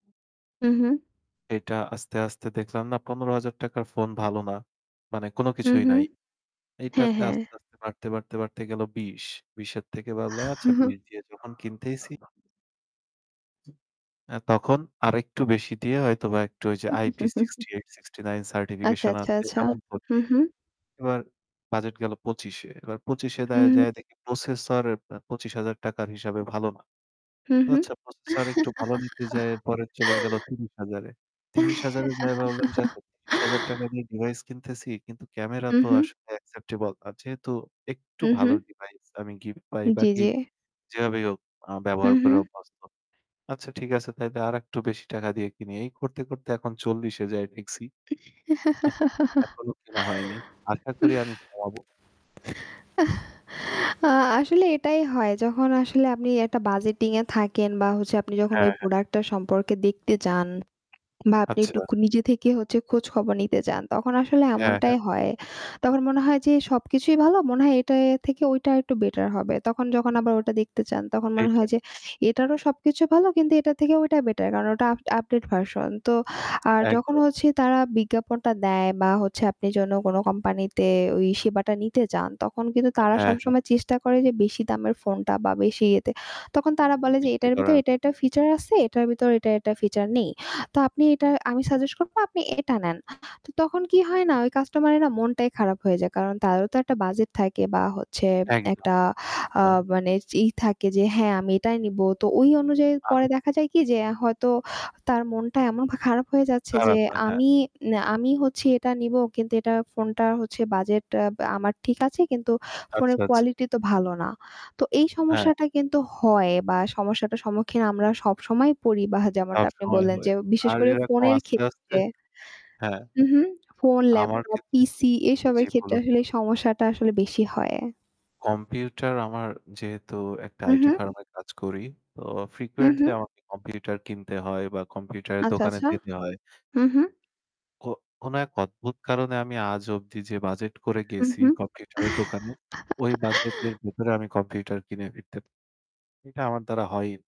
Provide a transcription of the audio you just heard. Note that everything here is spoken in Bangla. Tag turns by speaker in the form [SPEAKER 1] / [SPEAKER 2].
[SPEAKER 1] হু, হু।
[SPEAKER 2] এটা আস্তে, আস্তে দেখলাম না ৳১৫,০০০ ফোন ভালো না। মানে কোনো
[SPEAKER 1] হু,
[SPEAKER 2] কিছুই
[SPEAKER 1] হু,
[SPEAKER 2] নাই।
[SPEAKER 1] হ্যাঁ,
[SPEAKER 2] এইটাতে
[SPEAKER 1] হ্যাঁ।
[SPEAKER 2] আস্তে, আস্তে, বাড়তে, বাড়তে, বাড়তে, গেল ২০। ২০ এর থেকে ভাবলাম, "আচ্ছা ২০ দিয়ে যখন কিনতেইছি" আ তখন আরেকটু বেশি দিয়ে হয়তোবা একটু ওইযে IP68, 69
[SPEAKER 1] আচ্ছা,
[SPEAKER 2] সার্টিফিকেশন
[SPEAKER 1] আচ্ছা,
[SPEAKER 2] আছে
[SPEAKER 1] আচ্ছা,
[SPEAKER 2] এমন ফোন
[SPEAKER 1] হু,
[SPEAKER 2] নেই।
[SPEAKER 1] হু।
[SPEAKER 2] এবার বাজেট গেল ২৫ এ, এবার ২৫ দায়
[SPEAKER 1] হুম।
[SPEAKER 2] যায়ে দেখি প্রসেসর অ্যা ৳২৫,০০০ র হিসাবে ভালো না।
[SPEAKER 1] হু,
[SPEAKER 2] তো
[SPEAKER 1] হু।
[SPEAKER 2] আচ্ছা প্রসেসর একটু ভালো নিতে যায়ে এর পরে চলে গেল ৩০,০০০ এ। ৩০,০০০ যায়ে ভাবলাম যে, "আচ্ছা, ৳৩০,০০০ দিয়ে ডিভাইস কিনতেছি, কিন্তু ক্যামেরা
[SPEAKER 1] হু,
[SPEAKER 2] তো
[SPEAKER 1] হু।
[SPEAKER 2] আসলে acceptable. আর যেহেতু একটু
[SPEAKER 1] হু,
[SPEAKER 2] ভালো
[SPEAKER 1] হুঁ।
[SPEAKER 2] ডিভাইস আমি গিফট পাই বা
[SPEAKER 1] জি, জি।
[SPEAKER 2] কিনি, যেভাবেই হোক আ
[SPEAKER 1] হু,
[SPEAKER 2] ব্যবহার করে
[SPEAKER 1] হু।
[SPEAKER 2] অভ্যস্ত। আচ্ছা, ঠিক আছে তাইলে আরেকটু বেশি টাকা দিয়ে কিনি।" এই করতে, করতে, এখন ৪০ এ যায়ে ঠেকছি। এখনো কেনা হয়নি। আশা করি আমি কমাবো।
[SPEAKER 1] আ আসলে এটাই হয় যখন আসলে আপনি একটা বাজেটিং এ থাকেন বা হচ্ছে আপনি যখন ওই
[SPEAKER 2] হ্যাঁ, হ্যাঁ।
[SPEAKER 1] প্রোডাক্টটার সম্পর্কে দেখতে যান বা আপনি
[SPEAKER 2] আচ্ছা।
[SPEAKER 1] একটুক নিজে থেকে হচ্ছে খোঁজখবর নিতে যান তখন আসলে
[SPEAKER 2] হ্যাঁ, হ্যাঁ।
[SPEAKER 1] এমনটাই হয়। তখন মনে হয় যে এ সবকিছুই ভালো, মনে হয় এটা এ থেকে ওইটা আরেকটু বেটার হবে। তখন যখন আবার ওটা দেখতে চান, তখন মনে
[SPEAKER 2] এইটাই।
[SPEAKER 1] হয় যে এটারও সবকিছু ভালো, কিন্তু এটার থেকে ওইটা বেটার। কারণ ওটা আফ আপডেট ভার্সন। তো আর যখন
[SPEAKER 2] একদম।
[SPEAKER 1] হচ্ছে তারা বিজ্ঞাপনটা দেয় বা হচ্ছে আপনি যেন কোনো কোম্পানিতে ওই সেবাটা নিতে যান, তখন কিন্তু তারা
[SPEAKER 2] হ্যাঁ, হ্যাঁ।
[SPEAKER 1] সবসময় চেষ্টা করে যে বেশি দামের ফোনটা বা বেশি ইয়েতে তখন তারা বলে যে,
[SPEAKER 2] বিক্রি
[SPEAKER 1] "এটার ভেতরে
[SPEAKER 2] করার
[SPEAKER 1] এটা, এটা, ফিচার আছে এটার ভিতরে এটা, এটা, ফিচার নেই।" তো আপনি এটা আমি সাজেস্ট করব আপনি এটা নেন। তো তখন কি হয় না? ওই কাস্টমারের না মনটাই খারাপ হয়ে যায়। কারণ তারও তো একটা বাজেট থাকে বা হচ্ছে
[SPEAKER 2] একদম,
[SPEAKER 1] একটা আ
[SPEAKER 2] একদম।
[SPEAKER 1] মানে ই থাকে যে, "হ্যাঁ, আমি এটাই নেবো।" তো ওই অনুযায়ী পরে
[SPEAKER 2] আমি
[SPEAKER 1] দেখা যায় কি যে হয়তো তার মনটা এমন পা খারাপ হয়ে যাচ্ছে যে
[SPEAKER 2] খারাপ না, হ্যাঁ।
[SPEAKER 1] আমি নে আমি হচ্ছি এটা নিবো। কিন্তু এটা ফোনটা হচ্ছে বাজেট অ্যা আমার ঠিক আছে, কিন্তু
[SPEAKER 2] আচ্ছা,
[SPEAKER 1] ফোনের
[SPEAKER 2] আচ্ছা।
[SPEAKER 1] কোয়ালিটি তো ভালো না। তো এই
[SPEAKER 2] হ্যাঁ।
[SPEAKER 1] সমস্যাটা কিন্তু হয় বা সমস্যাটার সম্মুখীন আমরা সবসময় পড়ি বা যেমনটা আপনি
[SPEAKER 2] সবসময়
[SPEAKER 1] বললেন যে
[SPEAKER 2] হয়।
[SPEAKER 1] বিশেষ
[SPEAKER 2] আর
[SPEAKER 1] করে
[SPEAKER 2] এরকম
[SPEAKER 1] ফোনের
[SPEAKER 2] আস্তে, আস্তে
[SPEAKER 1] ক্ষেত্রে।
[SPEAKER 2] হ্যাঁ।
[SPEAKER 1] হু, হু। ফোন,
[SPEAKER 2] আমার
[SPEAKER 1] ল্যাপটপ,
[SPEAKER 2] ক্ষেত্রে
[SPEAKER 1] PC এসবের
[SPEAKER 2] জী
[SPEAKER 1] ক্ষেত্রে
[SPEAKER 2] বলুন।
[SPEAKER 1] আসলে সমস্যাটা আসলে বেশি হয়।
[SPEAKER 2] কম্পিউটার আমার যেহেতু একটা
[SPEAKER 1] হু,
[SPEAKER 2] আইটি
[SPEAKER 1] হু।
[SPEAKER 2] ফার্ম এ কাজ করি তো
[SPEAKER 1] হুম,
[SPEAKER 2] frequently
[SPEAKER 1] হম।
[SPEAKER 2] আমাকে কম্পিউটার কিনতে হয় বা কম্পিউটারের
[SPEAKER 1] আচ্ছা,
[SPEAKER 2] দোকানে
[SPEAKER 1] আচ্ছা,
[SPEAKER 2] যেতে হয়।
[SPEAKER 1] হু, হু।
[SPEAKER 2] কো কোন এক অদ্ভুত কারণে আমি আজ অব্দি যে বাজেট করে
[SPEAKER 1] হুম,
[SPEAKER 2] গেছি
[SPEAKER 1] হুম,
[SPEAKER 2] কম্পিউটারের দোকানে, ওই বাজেটের ভেতরে আমি কম্পিউটার কিনে ফিরতে এটা আমার দ্বারা হয়ই